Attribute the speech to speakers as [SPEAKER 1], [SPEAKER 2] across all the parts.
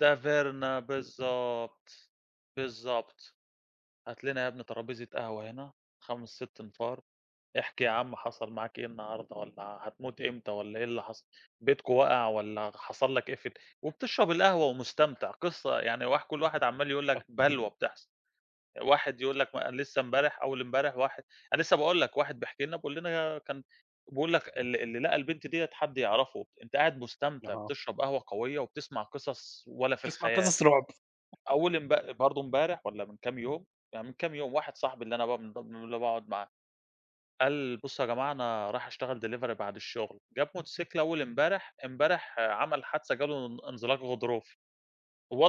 [SPEAKER 1] ده Verna بالضبط، بالضبط هات لنا يا ابني ترابيزة قهوة هنا 5 6 أنفار احكِ يا عم حصل معاك إيه النهارده والّا هتموت امتى والّا إيه اللي حصل؟ بيتكم وقع والّا حصل لك إيه في ال وبتشرب القهوة ومستمتع قصة يعني واح كل واحد عمال يقول لك
[SPEAKER 2] [unintelligible]
[SPEAKER 1] بلوى بتحصل واحد يقول لك
[SPEAKER 2] [unintelligible]
[SPEAKER 1] ما لسه امبارح أول امبارح واحد أنا لسه باقول لك واحد بيحكي لنا بيقول لنا كان بيقول لك ال اللي لقى البنت ديّة حد يعرفه أنت قاعد مستمتع
[SPEAKER 2] آه.
[SPEAKER 1] بتشرب قهوة قوية، وبتسمع قصص ولا في
[SPEAKER 2] بتسمع
[SPEAKER 1] الخيال،
[SPEAKER 2] قصص رعب.
[SPEAKER 1] أول امب برضو امبارح والّا من كام يوم يعني من كام يوم واحد صاحبي اللي أنا بقى من ب اللي باقعد معاه قال بُصوا يا جماعة أنا رايح أشتغل Delivery بعد الشغل جاب موتوسيكل أول امبارح، امبارح عمل حادثة جا له ان انزلاق غضروفي،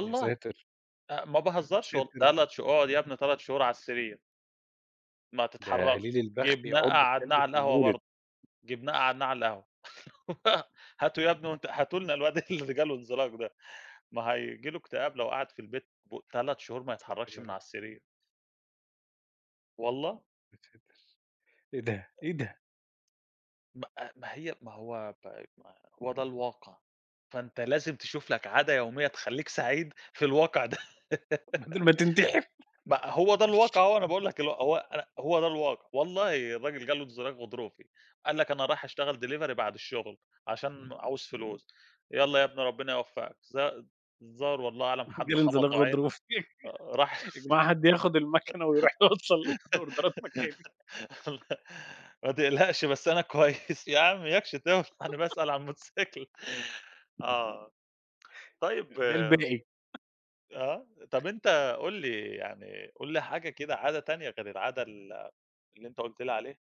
[SPEAKER 2] يا ساتر!
[SPEAKER 1] أ ما باهزرش
[SPEAKER 2] يا
[SPEAKER 1] والله
[SPEAKER 2] ساتر!
[SPEAKER 1] تلات شه اقعد يا ابني 3 شهور على السرير. ما
[SPEAKER 2] ده قليل
[SPEAKER 1] تتحركش،
[SPEAKER 2] البخت
[SPEAKER 1] جِبناه
[SPEAKER 2] يعضه
[SPEAKER 1] قعَّدناه
[SPEAKER 2] الكلب
[SPEAKER 1] على
[SPEAKER 2] في
[SPEAKER 1] القهوة
[SPEAKER 2] المولد.
[SPEAKER 1] برضو، جِبناه قعَّدناه على القهوة، هاته يا ابني وأنت هاتوا لنا الواد اللي جا له انزلاق ده، ما هييجي له اكتئاب لو قعد في البيت ب 3 شهور ما
[SPEAKER 2] يا ساتر
[SPEAKER 1] يتحركش
[SPEAKER 2] يا
[SPEAKER 1] من
[SPEAKER 2] رب!
[SPEAKER 1] على السرير. والله.
[SPEAKER 2] يا ساتر! إيه ده!؟
[SPEAKER 1] [unintelligible]
[SPEAKER 2] إيه ده!؟
[SPEAKER 1] ما آآ ما هي ما هو طيب ما هو ده الواقع، فأنت لازم تشوف لك عادة يومية تخليك سعيد في الواقع ده
[SPEAKER 2] بدل ما تنتحر؟
[SPEAKER 1] ما هو ده الواقع أهو، أنا باقول لك اللي هو أنا هو ده الواقع، والله الراجل جا له انزلاق غضروفي، قال لك أنا رايح أشتغل Delivery بعد الشغل عشان عاوز فلوس يالّا يا ابني ربنا يوفقك الظ الظاهر والله أعلم حد
[SPEAKER 2] جالي انزلاق
[SPEAKER 1] خبطه عين
[SPEAKER 2] غضروفي
[SPEAKER 1] آآ، راح
[SPEAKER 2] يا جماعة حد ياخد المكنة ويرُوح يوصل ال الأوردرات مكاني.
[SPEAKER 1] ما تقلقش بس أنا كويس، يا عم إياكش تولع أنا باسأل على الموتوسيكل آه، طيب
[SPEAKER 2] ده
[SPEAKER 1] آآ،
[SPEAKER 2] الباقي
[SPEAKER 1] آه، طَب
[SPEAKER 2] [unintelligible]
[SPEAKER 1] أنت قُل لي يعني قٌل لي حاجة كده عادة تانية غير العادة ال اللي أنت قُلت لي عليها.